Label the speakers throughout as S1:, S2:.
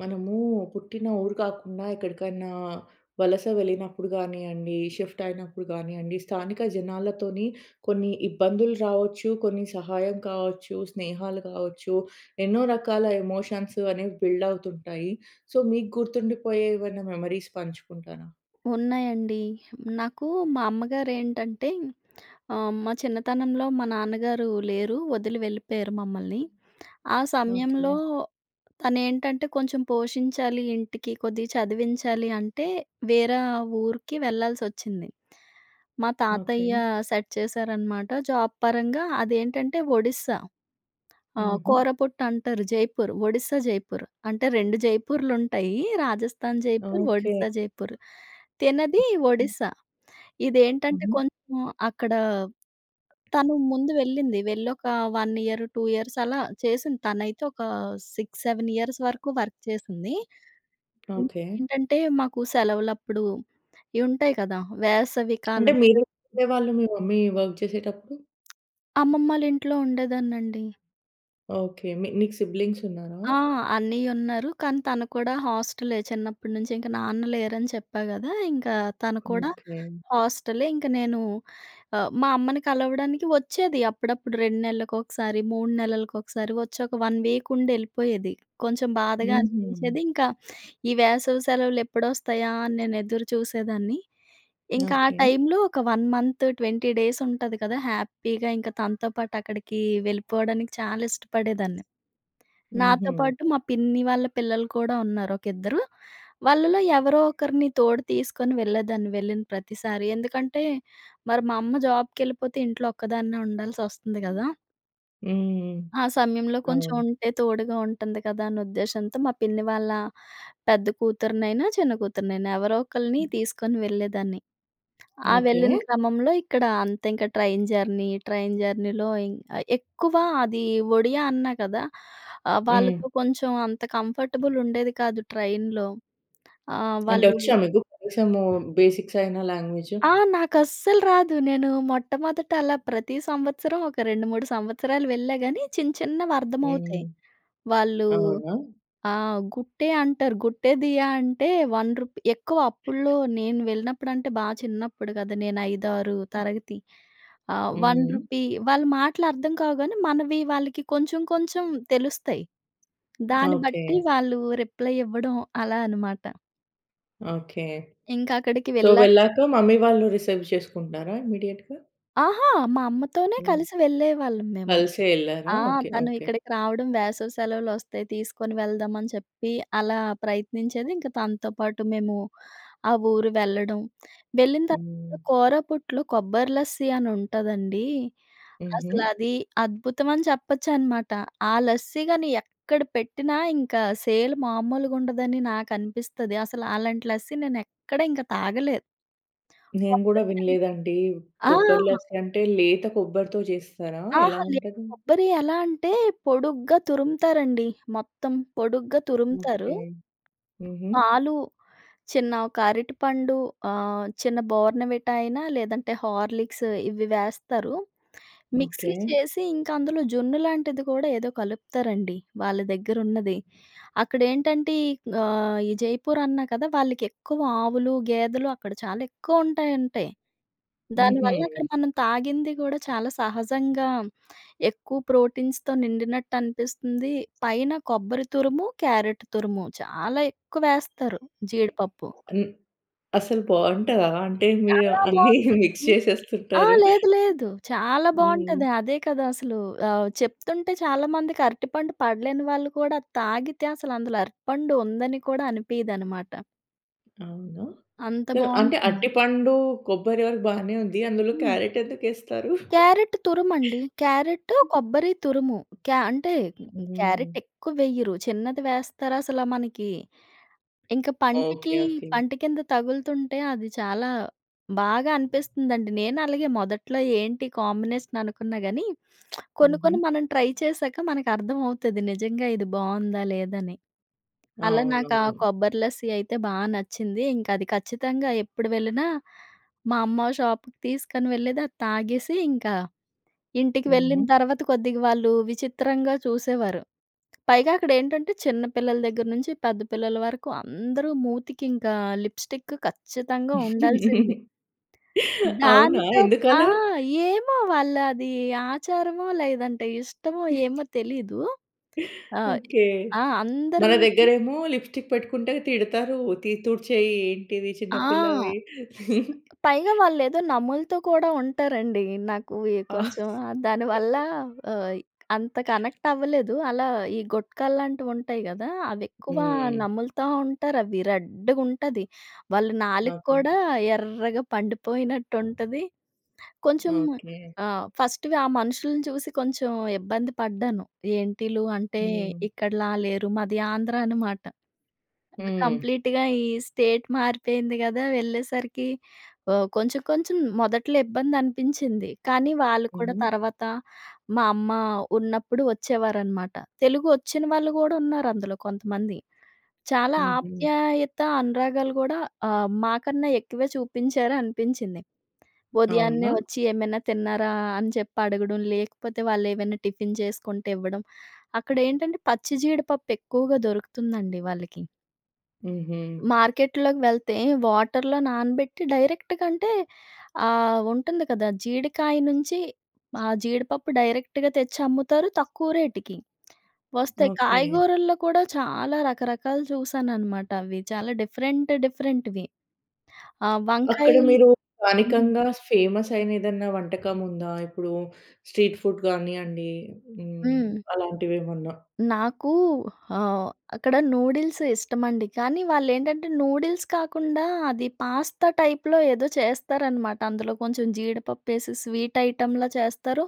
S1: మనమూ పుట్టిన ఊరు కాకుండా, ఎక్కడికైనా వలస వెళ్ళినప్పుడు గానీయండి, షిఫ్టయినప్పుడు గానీయండి, స్థానిక జనాలతోని కొన్ని ఇబ్బందులు రావొచ్చు, కొన్ని సహాయం కావచ్చు, స్నేహాలు కావచ్చు. ఎన్నో రకాల ఎమోషన్స్ అనేవి బిల్డవుతుంటాయి. సో, మీకు గుర్తుండిపోయే ఏవన్నా మెమరీస్ పంచుకుంటారా?
S2: ఉన్నాయండి. హ్మ్, నాకూ మా అమ్మగారేంటంటే, ఆహ్, మా చిన్నతనంలో మా నాన్నగారు లేరు, వదిలి వెళ్ళిపోయారు మమ్మల్ని. ఆ సమయంలో
S1: ఓకె.
S2: తనేంటంటే, కొంచెం పోషించాలి ఇంటికి, కొద్దిగా చదివించాలి అంటే, వేరా ఊరికి వెళ్ళాల్సోచ్చింది. మా తాతయ్య
S1: ఓకె.
S2: సెట్ చేశారనమాట. జాబ్ పరంగా, అదేంటంటే ఒడిస్సా. ఆహ్,
S1: హుహు.
S2: కోరాపుట్ అంటారు, జైపూరు. ఒడిస్సా జైపూరు. అంటే, 2 జైపూర్‌లుంటాయి, రాజస్థాన్ జైపూర్,
S1: ఓకె.
S2: ఒడిస్సా జైపూర్. తినది
S1: హ్మ్, హ్మ్.
S2: ఒడిస్సా. ఇదేంటంటే
S1: హుహు.
S2: కొంచెం అక్కడ తను ముందు వెళ్ళింది, వెళ్లోక 1 ఇయర్, 2 ఇయర్స్ అలా చేసింది. తనైతే ఒక 6, 7 ఇయర్స్ వరకు వర్క్ జేసింది.
S1: ఓకె.
S2: ఇంకేంటంటే, మాకు సెలవులప్పుడు, ఇవుంటయి కదా! వేసవి
S1: అంటే,
S2: కాలం
S1: మీరెక్కడ
S2: సెలవు
S1: ఉండే వాళ్ళా, మీ మమ్మీ వర్క్ జేషేటప్పుడు?
S2: అమ్మమ్మాళ్ళింట్లో ఉండేదాన్నండి.
S1: ఓకె. మి నీకు సిబ్లింగ్స్ ఉన్నారా?
S2: ఆ! అన్నయ్య ఉన్నారు. కానీ తను కూడా హాస్టలే చిన్నప్పటి నుంచి. ఇంక నాన్న లేరని చెప్పా కదా! ఇంకా తను కూడా
S1: ఓకె.
S2: హాస్టలే. ఇంక నేను ఆహ్, మా అమ్మని కలవడానికి వచ్చేది, అప్పుడప్పుడు 2 నెలలకు ఒకసారి, 3 నెలలకు ఒకసారి వచ్చి ఒక 1 వీక్ ఉండి వెళ్ళిపోయేది. కొంచెం బాధగా
S1: హుహు.
S2: అనిపించేది. ఇంకా ఈ వేసవి సెలవులు ఎప్పుడొస్తాయా! అని నేను ఎదురు చూసేదాన్ని. ఇంకా ఆ
S1: ఓకె.
S2: టైంలో ఒక 1 మంత్, 20 డేస్ ఉంటుంది కదా! హ్యాపీగా ఇంకా తనతో పాటు అక్కడికి, వెళ్ళిపోవడానికి చాలా ఇష్టపడేదాన్ని. నాతో
S1: హుహు.
S2: పాటు మా పిన్ని వాళ్ళ పిల్లలు కూడా ఉన్నారు ఒక ఇద్దరు. వాళ్ళలో ఎవరో ఒకరిని తోడు తీసుకొని వెళ్ళేదాన్ని, వెళ్ళిన ప్రతిసారి. ఎందుకంటే, మరి మా అమ్మ జాబ్‌‌కి ఎళ్ళిపోతే ఇంట్లో ఒక్కదాన్నే ఉండాల్సి వస్తుంది గదా!
S1: హ్మ్.
S2: ఆ సమయంలో కొంచెం
S1: ఆ!
S2: ఉంటే తోడుగా ఉంటుంది కదా అనే ఉద్దేశంతో మా పిన్ని వాళ్ళ, పెద్ద కూతురినైనా, చిన్న కూతురినైనా ఎవరో ఒకల్ని తీసుకొని వెళ్ళేదాన్ని. ఆ
S1: ఓకె.
S2: వెళ్ళిన క్రమంలో ఇక్కడ అంత ఇంక ట్రైన్ జర్నీ, ట్రైన్ జర్నీలో ఇం ఎక్కువ అది ఒడియా అన్నా కదా! ఆహ్,
S1: హ్మ్.
S2: వాళ్ళతో కొంచెం అంత కంఫర్టబుల్ ఉండేది కాదు ట్రైన్‌‌లో. ఆహ్,
S1: అంటే
S2: వాళ్ళు
S1: వచ్చా మీకు? కనీసం బేసిక్స్ అయినా లాంగ్వేజ్?
S2: ఆహ్, నాకు అస్సలు రాదు. నేను మొట్టమొదట అలా ప్రతి సంవత్సరం ఒక 2, 3 సంవత్సరాలు వెళ్ళా గాని చిన్న చిన్నవి అర్థమవుతాయి.
S1: హ్మ్.
S2: వాళ్ళు,
S1: అవునా!
S2: ఆ గుట్టే అంటారు. గుట్టేదియ అంటే రూ. 1 ఎక్కువ అప్పుడులో నేను వెళ్ళినప్పుడంటే బా చిన్నప్పుడు కదా నేను 5, 6 తరగతి. ఆహ్, వన్
S1: హ్మ్.
S2: రూపీ వాళ్ళ మాటలు అర్థంకావు గాని మనవి వాళ్ళకి కొంచెం కొంచెం తెలుస్తాయి. దాని
S1: ఓకె.
S2: బట్టి వాళ్ళు రిప్లై ఇవ్వడం అలా అనమాట.
S1: ఓకె.
S2: ఇంకా అక్కడికి
S1: సో,
S2: వెళ్ళా
S1: వెళ్ళాక మమ్మీ వాళ్ళు రిసీవ్ చేసుకుంటున్నారా? ఇమీడియట్‌గ.
S2: అహా! మా అమ్మతోనే
S1: హ్మ్.
S2: కలిసి వెళ్ళేవాళ్ళం మేము.
S1: కలిసే ఎళ్లారా?
S2: ఆ!
S1: ఓకె
S2: తను
S1: ఓకె.
S2: ఇక్కడికి రావడం వేసవి సెలవులు వస్తాయి తీసుకొని వెళ్దామని చెప్పి అలా ప్రయత్నించేది. ఇంక తనతో పాటు మేము, ఆ ఊరు వెళ్ళడం. వెళ్ళిన
S1: హ్మ్.
S2: తర్వాత కూరపుట్టు, కొబ్బరి లస్సీ అని ఉంటుందండి. అసలు
S1: హుహు.
S2: అది అద్భుతం అని చెప్పొచ్చనమాట. ఆ లస్సీ గాని ఎక్కడ పెట్టినా ఇంకా సేల్ మామూలుగా ఉండదని నాకు అనిపిస్తది. అసలు అలాంటి లస్సీ నేను ఎక్కడ ఇంక తాగలే.
S1: నేను కూడా
S2: కొబ్బరి
S1: వినలేదండి.
S2: ఆ!
S1: కొబరి లస్సి అంటే లేత కొబ్బరితో చేస్తారా? ఎలా
S2: అహా! లేదు
S1: ఉంటది?
S2: కొబ్బరి ఎలా అంటే పొడుగ్గా తురుముతారండి. మొత్తం పొడుగ్గా తురుముతారు
S1: ఓకె. హుహు.
S2: పాలు చిన్న ఒక అరటిపండు, ఆహ్, చిన్న బోర్న్‌వీటా అయినా లేదంటే హార్లిక్స్ ఇవి వేస్తారు. Mixie
S1: okay.
S2: చేసి ఇంకా అందులో జున్ను లాంటిది కూడా ఏదో కలుపుతారండి. వాళ్ళ దగ్గర ఉన్నది. అక్కడ ఏంటంటే ఆహ్, ఈ జైపూర్ అన్నా కద, వాళ్ళకెక్కువ ఆవులు, గేదెలు అక్కడ చాలా ఎక్కువ ఉంటాయంటయి. దానివల్ల అక్కడ
S1: హుహు.
S2: మనం తాగింది కూడా చాలా సహజంగా, ఎక్కువ ప్రోటీన్స్‌తో నిండినట్టు అనిపిస్తుంది. పైన కొబ్బరి తురుము క్యారట్ తురుము చాలా ఎక్కువ వేస్తారు, జీడిపప్పు.
S1: హ్మ్. అసలు బాగుంటదా? అంటే మీరు
S2: చాలా
S1: అన్నీ మిక్స్
S2: బాగుంటుందండి. అహా!
S1: చేసేస్తుంటారు.
S2: లేదు లేదు. చాలా
S1: హ్మ్.
S2: బాగుంటది. అదే కదా! అసలు. ఆహ్, చెప్తుంటే చాలా మందికి అరటిపండు పడలేని వాళ్ళు కూడా తాగితే అసలు అందులో అరటిపండు ఉందని కూడా అనిపీదన్నమాట.
S1: అవునా?
S2: అంత
S1: సొ అంటే,
S2: బాగుంటుంది.
S1: అరటిపండూ, కొబ్బరి వరకు బానే ఉంది. అందులో
S2: హ్మ్.
S1: క్యారట్ ఎందుకేస్తారు?
S2: క్యారట్ తురుమండీ. క్యారెటు, కొబ్బరి తురుము. క్యా అంటే క్యారెట్
S1: హ్మ్.
S2: ఎక్కువెయ్యరు. చిన్నది వేస్తారసలా మనకి, ఇంక పంటకీ
S1: ఓకె. ఓకె.
S2: పంటికింద తగులుతుంటే అది చాలా బాగా అనిపిస్తుందండి. నేను అలాగే మొదట్లో ఏంటి కాంబినేషన్ అనుకున్నా కాని, కొన్ని
S1: హుహు.
S2: కొన్ని మనం ట్రై చేశాక మనకర్థమవుతాది. నిజంగా ఇది బాగుందా లేదా అని. అలా నాకు ఆ
S1: అవునవును.
S2: కొబ్బరి లస్సి అయితే బా నచ్చింది. ఇంకా అది ఖచ్చితంగా ఎప్పుడు వెళ్ళినా, మా అమ్మ ఆ షాప్‌కి తీసుకొని వెళ్ళేది. అది తాగేసి ఇంకా, ఇంటికి వెళ్ళిన
S1: హుహు.
S2: తర్వాత కొద్దిగా వాళ్ళు విచిత్రంగా చూసేవారు. పైగా అక్కడేంటంటే చిన్న పిల్లల దగ్గర నుంచి, పెద్ద పిల్లల వరకు అందరూ మూతికి ఇంకా లిప్‌స్టిక్ ఖచ్చితంగా ఉండాల్సిందే.
S1: అవునా.
S2: దానితో ఆ!
S1: ఎందుకలా?
S2: ఏమో వాళ్ళు అది ఆచారమో, లేదంటే ఇష్టమో ఏమో తెలీదూ. ఆహ్,
S1: ఓకె.
S2: ఆ! అందరు
S1: మన
S2: మూతులు
S1: దగ్గరేమో లిప్‌‌‌స్టిక్ పెట్టుకుంటే తిడతారూ. తి, తుడ్చేయి ఏంటిది
S2: ఆ!
S1: చిన్న పిల్లవి.
S2: పైగా వాళ్ళేదో నమ్ములుతూ కూడా ఉంటారండి. నాకు ఈ కొంచెం దానివల్లా ఆహ్, అంత కనెక్ట్ అవ్వలేదు. అలా ఈ గుట్కాల్లాంటివుంటాయి గదా! అవి ఎక్కువా
S1: హ్మ్.
S2: నమ్ములుతా ఉంటారు. అవి రెడ్డుగుంటది. వాళ్ళ నాలుక
S1: ఓకె.
S2: కూడా ఎర్రగా పండిపోయినట్టుంటది. కొంచెం
S1: ఓకె.
S2: ఆహ్, ఫస్ట్‌‌గా ఆ మనుషుల్ని చూసి కొంచెం ఇబ్బంది పడ్డాను. ఏంటీల్లు అంటే
S1: హ్మ్.
S2: ఇక్కడలా లేరు మాది ఆంధ్ర అనమాట.
S1: హ్మ్.
S2: కంప్లీట్‌గా ఈ స్టేట్ మారిపోయింది కదా. వెళ్ళేసరికి ఒ కొంచెం కొంచెం మొదట్లో ఇబ్బందనిపించింది. కానీ వాళ్ళు కూడా
S1: హుహు.
S2: తర్వాత మా అమ్మ ఉన్నప్పుడు వచ్చేవారనమాట. తెలుగొచ్చిన వాళ్ళు కూడా ఉన్నారందులో కొంతమంది. చాలా
S1: హుహు.
S2: ఆప్యాయత, అనురాగాలు కూడా ఆహ్, మాకన్నా ఎక్కువే చూపించారు అనిపించింది. ఉదయాన్నే
S1: అవునా!
S2: ఒచ్చి, "ఏమైనా తిన్నారా"? అని చెప్పి అడగడం. లేకపోతే వాళ్ళేమైనా టిఫిన్ చేసుకుంటే ఇవ్వడం. అక్కడేంటంటే పచ్చి జీడిపప్పు ఎక్కువగా దొరుకుతుందండి వాళ్ళకీ.
S1: హుహు.
S2: మార్కెట్‌లోకి వెళ్తే వాటర్‌లో నానబెట్టి డైరెక్ట్‌గా అంటే ఆహ్, ఉంటుంది కదా. జీడికాయ నుంచి ఆహ్, జీడిపప్పు డైరెక్ట్‌గా తెచ్చమ్ముతారు తక్కువ రేటుకి. వస్తే
S1: ఓకె.
S2: కాయగూరల్లో కూడా చాలా రకరకాలు చూశాననమాట. అవి చాలా డిఫరెంట్ డిఫరెంట్‌వి. ఆహ్,
S1: అక్కడ
S2: వంకాయలు
S1: మీరు
S2: హ్మ్.
S1: స్థానికంగా ఫేమస్ అయిన ఏదన్న వంటకం ఉందా? ఇప్పుడు స్ట్రీట్ ఫుడ్ కానియ్యండి హ్మ్,
S2: హ్మ్.
S1: అలాంటివేమన్న?
S2: నాకు ఆహ్, అక్కడ నూడిల్స్ ఇష్టమండి. కానీ వాళ్ళేంటంటే నూడిల్స్ కాకుండా అది పాస్తా టైప్‌లో ఏదో చేస్తారనమాట. అందులో కొంచెం జీడిపప్పు ఎసెసి స్వీట్ ఐటెమ్‌లా చేస్తారు.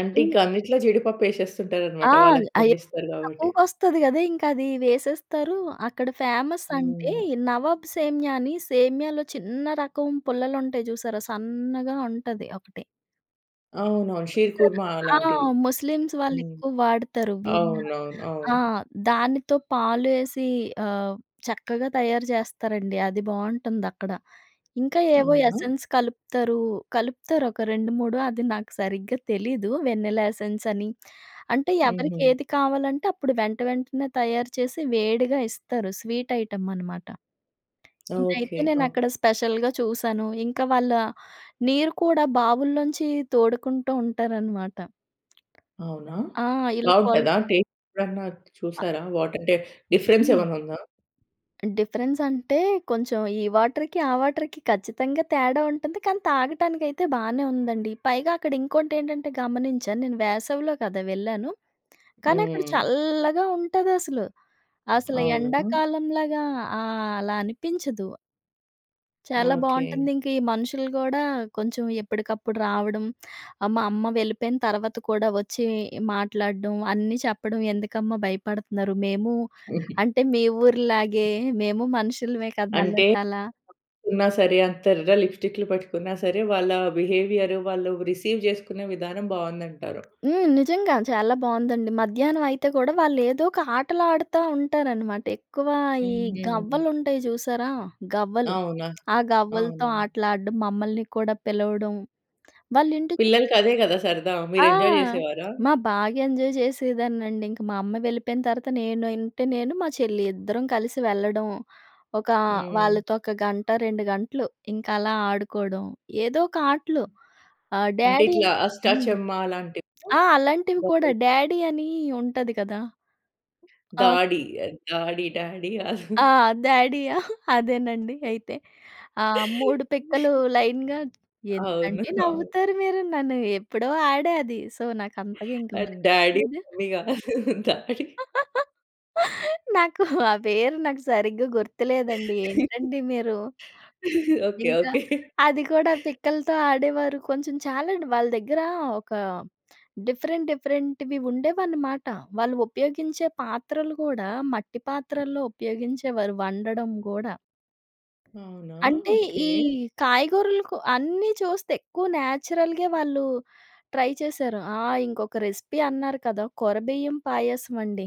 S1: అంటే
S2: ఇన్
S1: ఇంకా అన్నిట్లో జీడిపప్పు ఏసేస్తుంటారన్నమాట.
S2: ఆల్
S1: వాళ్ళవి
S2: అయి
S1: పండిస్తారు కాబట్టి.
S2: తక్కువగొస్తది కదా ఇంక అదీ వేసేస్తారూ. అక్కడ ఫేమస్ అంటే,
S1: హ్మ్.
S2: నవాబ్ సేమ్య అని సేమ్యాలో చిన్న రకం పుల్లలుంటాయి చూసారా? సన్నగా ఉంటది ఒకటి.
S1: అవునవును. షీర్
S2: చూసారా
S1: కుర్మా
S2: ఆ!
S1: అలాంటివి.
S2: ముస్లిమ్స్ వాళ్ళు
S1: హ్మ్.
S2: ఎక్కువ వాడతారు విన్న.
S1: అవునవును. అవును.
S2: ఆ! దానితో పాలు ఏసి ఆహ్, చక్కగా తయారు చేస్తారండి. అది బావుటుందక్కడ. ఇంకా ఏవో
S1: అవునా!
S2: ఎసెన్స్ కలుపుతారు. కలుపుతారు ఒక రెండు మూడు అది నాకు సరిగ్గా తెలీదు వెనీలా ఎసెన్స్ అని. అంటే ఎవరికి
S1: హుహు.
S2: ఏది కావాలంటే అప్పుడు వెంటవెంటనే తయారు చేసి వేడిగా ఇస్తారు స్వీట్ ఐటమ్ అనమాట.
S1: ఓకే.
S2: ఇదైతే నేను
S1: ఓకే.
S2: అక్కడ స్పెషల్‌గా చూసాను. ఇంకా వాళ్ళ నీరు కూడా బావుల్లోంచి తోడుకుంటూ ఉంటారన్నమాట.
S1: అవునా!
S2: ఆ! ఇలా కోల్
S1: బాగుంటదా? టెస్ట్ ఎప్పుడన్న చూసారా? వాటర్ టె అంటే డీఫెరెన్స్
S2: హ్మ్.
S1: ఏమన్నా ఉందా?
S2: డిఫరెన్స్ అంటే కొంచెం ఈ వాటర్‌కి, ఆ వాటర్‌కి ఖచ్చితంగా తేడా ఉంటుంది. కానీ తాగటానికైతే బానే ఉందండి. పైగా అక్కడ ఇంకోటెంటంటే గమనించాను నేను వేసవిలో కదా వెళ్ళాను. కానీ అక్కడ
S1: హ్మ్.
S2: చల్లా‌గా ఉంటాదసలు. అసలు
S1: అవునా!
S2: ఎండాకాలంలాగా ఆ అలా అనిపించదు. చాలా
S1: ఓకే.
S2: బాంటుంది. ఇంక ఈ మనుషులు గూడా కొంచెం ఎప్పడుకప్పుడు రావడం ఆహ్, మా అమ్మ వెళ్ళిపోయిన తర్వాత గూడా వచ్చి మాట్లాడడం అన్నీ చెప్పడం, "ఎందుకమ్మా భయపడుతున్నారు? మేము అంటే మీ ఊరు‌లాగే మేము మనుషులమే కదా!"
S1: అంటే
S2: అన్నట్టలా.
S1: ఉన్నా సరే అంత ఎర్ర‌గా లిప్‌స్టిక్‌లీ‌లు పేట్టుకున్నా సరే, వాళ్ళ బి‌హే‌వీయార్, వాళ్ళు రిసీవ్ చేసుకునే విధానం బావుంది అంటారు.
S2: హ్మ్. నిజంగా చాలా బావుందండి. మధ్యాహ్నం అయితే కూడా వాళ్ళు ఏదో ఒక ఆటలు ఆడతా ఉంటారన్నమాట. ఎక్కువ ఈ
S1: హ్మ్.
S2: గవ్వలు ఉంటాయి జూసారా? గవ్వలు.
S1: అవునా!
S2: ఆ గవ్వలతో
S1: అవునవును.
S2: ఆటలాడం మమ్మల్ని కూడా పిలవడం. వాళ్ళ ఇంటి
S1: పిల్లలకి అదే కదా! సరదా
S2: ఆ!
S1: మీరు ఎంజాయ్ చేసేవారా?
S2: మా బాగా ఎంజాయ్ జేసిదాన్నండి. ఇంక మా అమ్మ వెళ్ళిపోయిన తర్వాత నేను ఉంటే నేను, మా చెల్లి ఇద్దరం కలిసి వెళ్ళడం. ఒక
S1: హ్మ్.
S2: వాళ్ళతో ఒక గంట, రెండు గంటలు ఇంకా అలా ఆడుకోవడం. ఏదో ఒక ఆటలు. ఆహ్,
S1: అంటే
S2: డ్యాడీ.
S1: ఇట్లా
S2: హ్మ్.
S1: అష్టాచమ్మ అలాంటివా?
S2: ఆ! అలాంటివి కూడా
S1: [unintelligible]
S2: డ్యాడీ అని ఉంటది కదా! ఆప్
S1: దాడి అది. దాడి. డాడీ కాదు.
S2: ఆ! డ్యాడీ ఆ! అదేనండి అయితే. ఆ మూడు పిక్కలు‌ లైన్‌గా
S1: అవును.
S2: ఎందుకండి
S1: అవును.
S2: నవ్వుతారు మీరు? నన్ను ఎప్పుడో ఆడా అది. సో, నాకు అంతగా ఇంకా
S1: అది
S2: మరి
S1: డాడీ,
S2: గుర్తులేదు.
S1: మమ్మీ కాదు. దాడి.
S2: నాకు ఆ పేరు నాకు సరిగ్గా గుర్తులేదండి. ఏంటండి మీరు.
S1: ఓకే.
S2: ఇంకా
S1: ఓకే.
S2: అది కూడా పిక్కలతో ఆడేవారు. కొంచెం చాలాండి వాళ్ళ దగ్గర ఒక డిఫరెంట్ డిఫరెంట్‌వి ఉండేవన్నమాట. వాళ్ళు ఉపయోగించే పాత్రలు కూడా మట్టి పాత్రల్లో ఉపయోగించేవారు వండడం గూడా.
S1: అవునా!
S2: అంటే
S1: ఓకే.
S2: ఈ కాయగూరలకు అన్నీ చూస్తే ఎక్కువ నేచురల్‌గే వాళ్ళు ట్రై చేశారు. ఆ! ఇంకొక రెసిపీ అన్నారు కదా! కొర బియ్యం పాయసం అండి.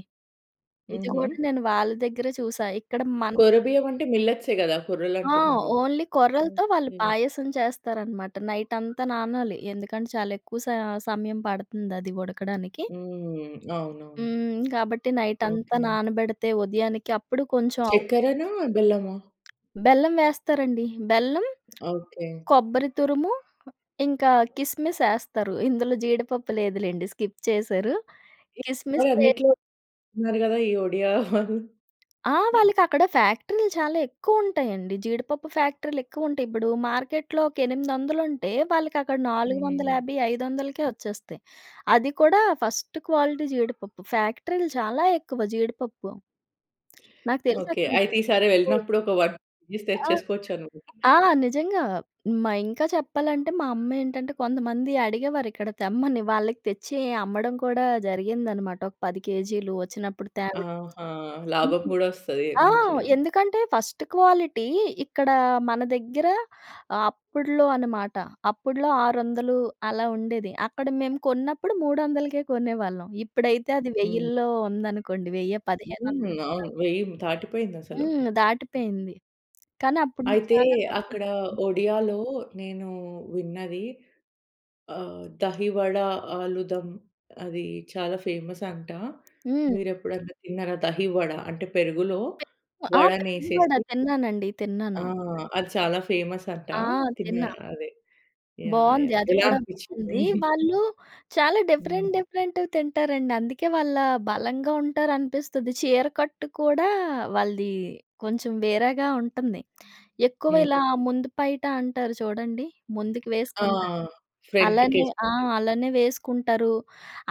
S2: ఇది కూడా
S1: హుహు.
S2: నేను వాళ్ళ దగ్గర చూసా. ఇక్కడ మన
S1: కొర్ర బియ్యం అంటే మిల్లెట్సె గదా! కొర్రలు
S2: ఆ!
S1: అంటున్నారు.
S2: ఓన్లీ కొర్రలతో వాళ్ళు
S1: ఓకే.
S2: పాయసం చేస్తారనమాట. నైటంతా నానాలి. ఎందుకంటే చాలా ఎక్కువ స సమయం పడతంది అది ఉడకడానికి.
S1: హ్మ్. అవునవును.
S2: హ్మ్. గాబట్టి నైటంతా
S1: ఓకే.
S2: నానబెడతే ఉదయానికి అప్పుడు కొంచెం
S1: చెక్కరనా? బెల్లమా?
S2: బెల్లం వేస్తారండి. బెల్లం,
S1: ఓకే.
S2: కొబ్బరి తురుము, ఇంకా కిస్మిస్ ఏస్తారు. ఇందులో జీడిపప్పు లేదులెండి. స్కిప్ చేశారు. కిస్మిస్
S1: వాళ్ళు
S2: వె
S1: అన్నిట్లో ఉన్నారు గదా! ఈ ఒడియా వాళ్ళు.
S2: ఆ! వాళ్ళకి అక్కడ ఫ్యాక్టరీ‌లు చాలా ఎక్కువ ఉంటాయండి. జీడిపప్పు ఫ్యాక్టరీలు ఎక్కువ ఉంటాయి. ఇప్పుడు మార్కెట్‌లో ఒక 800 ఉంటే వాళ్ళకి అక్కడ నాలుగు వందల
S1: హ్మ్.
S2: యాభై ఐదు వందలకే వచ్చేస్తాయి. అది కూడా ఫస్ట్ క్వాలిటీ జీడిపప్పు. ఫ్యాక్టరీలు చాలా ఎక్కువ జీడిపప్పు. నాకు తెలిసి
S1: ఓకే.
S2: అక్కడ
S1: అయితే ఈ సారి
S2: [unintelligible]
S1: వెళ్ళినప్పుడు ఒక వన్ [unintelligible]
S2: ఆ!
S1: తెచ్చేసుకొచ్చన్నమాట.
S2: ఆ! నిజంగా. మా ఇంకా చెప్పాలంటే మా అమ్మ ఏంటంటే కొంతమంది అడిగేవారు. ఇక్కడ తెమ్మని వాళ్ళకి తెచ్చి అమ్మడం కూడా జరిగిందన్నమాట. ఒక 10 కేజీ‌లు వచ్చినప్పుడు తేవడం.
S1: ఆహా! లాభం
S2: హ్మ్
S1: గూడా వస్తది
S2: ఆ!
S1: మంచిగా.
S2: ఎందుకంటే ఫస్ట్ క్వాలిటీ ఇక్కడ మన దగ్గర అప్పడులో అనమాట. అప్పడులో ఆరు వందలు అలా ఉండేది. అక్కడ మేము కొన్నప్పుడు మూడొందలకే కొనేవాళ్ళం. ఇప్పుడైతే అది
S1: హ్మ్.
S2: వెయ్యిల్లో ఉందనుకోండి. వెయ్యి పదిహేను
S1: హ్మ్.
S2: వందలు కూడా
S1: అవును.
S2: ఉంది.
S1: వెయ్య దాటిపోయిందసలు.
S2: హ్మ్. దాటిపెయింది. కానీ అప్పుడు‌లో
S1: అయితే
S2: చాలా తక్కువ.
S1: అక్కడ ఒడియాలో నేను విన్నది ఆహ్, దహివడ, ఆలుదం అది చాలా ఫేమస్ అంట.
S2: హ్మ్.
S1: మీరెప్పుడన్నా తిన్నారా? దహివడ అంటే పెరుగులో
S2: పెరుగు ఆ!
S1: వడని
S2: పెరుగు వడ
S1: ఏసేసి
S2: తిన్నానండి.
S1: ఆ!
S2: తిన్నాను.
S1: అది చాలా ఫేమస్ అంట.
S2: ఆ!
S1: తిన్న
S2: తిన్నా.
S1: అదే. యాహ్!
S2: బావుంది
S1: యాహ్!
S2: అది
S1: ఎలా
S2: కూడా
S1: అనిపించింది?
S2: బావుంది. వాళ్ళు చాలా
S1: హ్మ్.
S2: డిఫరెంట్ డిఫరెంట్‌వి తింటారండి. అందుకే వాళ్ళ బలంగా ఉంటారనిపిస్తాది. చీర కట్టు కూడా వాళ్ళది కొంచెం వేరేగా ఉంటుంది. ఎక్కువ
S1: హ్మ్.
S2: ఇలా ముందు పైట అంటారు చూడండి. ముందుకు
S1: ఆ!
S2: వేసుకుంటారు.
S1: ఫ్రంట్‌కి
S2: అలానే ఆ!
S1: ఏసుకుంటారు.
S2: అలానే వేసుకుంటారు.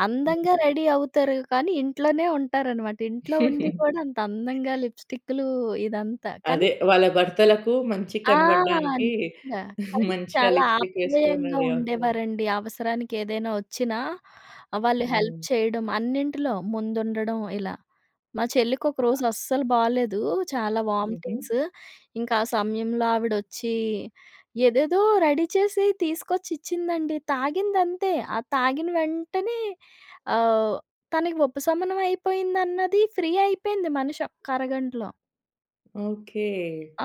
S2: అందంగా రెడీ అవుతారు. కానీ ఇంట్లోనే ఉంటారనమాట. ఇంట్లో ఉండి కూడా అంత అందంగా లిప్‌స్టిక్‌లు ఇదంతా. కానీ
S1: అదే వాళ్ళ భర్తలకు మంచిగ
S2: ఆ!
S1: కనపడడానికి
S2: నిజంగా.
S1: మంచిగా
S2: చాలా
S1: లిప్‌‌స్టిక్ ఏసుకొని
S2: ఆప్యాయంగా
S1: రెడీ అవుతారు.
S2: ఉండేవారండి. అవసరానికి ఏదైనా వచ్చినా వాళ్ళు హెల్ప్
S1: హ్మ్.
S2: చేయడం అన్నింటిలో ముందుండడం ఇలా. మా చెల్లికి ఒకరోజు అస్సలు బాలేదు. చాలా
S1: హుహు.
S2: వామిటింగ్స్. ఇంకా ఆ సమయంలో ఆవిడ వచ్చి ఏదేదో రెడీ చేసి తీసుకొచ్చి ఇచ్చిందండి. తాగింది అంతే. ఆ తాగిన వెంటనే ఆహ్ తనకి ఉపశమనం అయిపోయిందన్నది ఫ్రీ అయిపెంది మనిషి ఒక్క అరగంటలో.
S1: ఓకే.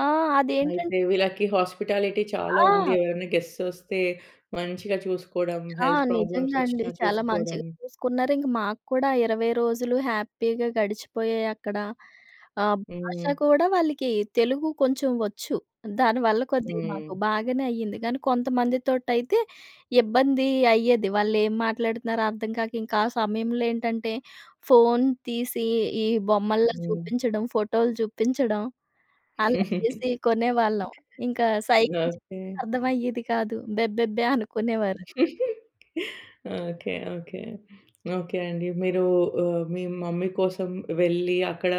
S2: ఆ! అదేంటం
S1: అయితే వీళ్ళకి హస్పిటాలిటి చాలా ఉంది.
S2: ఆ!
S1: ఎవరైనా గెస్ట్స్ వస్తే మంచిగా చూసుకోవడం.
S2: ఆ!
S1: హెల్త్ ప్రాబ్లమ్స్
S2: నిజంగా అండి.
S1: వచ్చినా
S2: చాలా
S1: చూసుకోవడం.
S2: మంచిగా చూసుకున్నారు. ఇంక మాకు కూడా 20 రోజులు హ్యాపీగా గడిచిపోయాయక్కడ. ఆహ్, భాష
S1: హ్మ్.
S2: కూడా వాళ్ళీకి తెలుగు కొంచెం వచ్చు. దానివల్ల కొద్దిగా మాకు
S1: హ్మ్.
S2: బాగానే అయింది. కానీ కొంతమందితోటి అయితే ఇబ్బందీ అయ్యేది. వాళ్ళేం మాట్లాడుతున్నారో అర్థం కాక, ఇంకాసమయంలో ఏంటంటే ఫోన్ తీసి ఈ బొమ్మల్లా
S1: హ్మ్.
S2: చూపించడం, ఫోటోలు చూపించడం అలా చేసి కొనేవాళ్ళం. ఇంకా సైగలు
S1: ఓకే.
S2: చూపిస్తే అర్థమయ్యేది కాదు. బెబ్బెబ్బే! అనుకునేవారు.
S1: ఓకే. ఓకే. ఓకే అండి. మీరూ ఆహ్, మీ మమ్మీ కోసం వెళ్లి, అక్కడ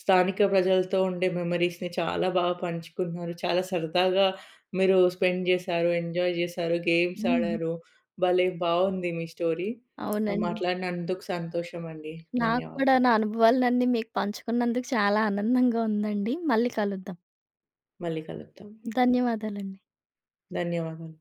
S1: స్థానిక ప్రజలతో ఉండే మెమరీస్‌ని చాలా బాగా పంచుకున్నారు. చాలా సరదాగా మీరు స్పెండ్ చేశారు. ఎంజాయ్ చేశారు. గేమ్స్
S2: హ్మ్.
S1: ఆడారు. భలే బాగుంది మీ స్టోరీ.
S2: అవునండి.
S1: మాట్లాడినందుకు సంతోషమండి.
S2: నాక్కూడా
S1: ధన్యవాదాలు.
S2: నా అనుభవాలన‌న్నీ మీకు పంచుకున్నందుకు చాలా ఆనందంగా ఉందండి. మళ్ళీ కలుద్దాం.
S1: మళ్ళీ కలుద్దాం.
S2: ధన్యవాదాలండి.
S1: ధన్యవాదాలు.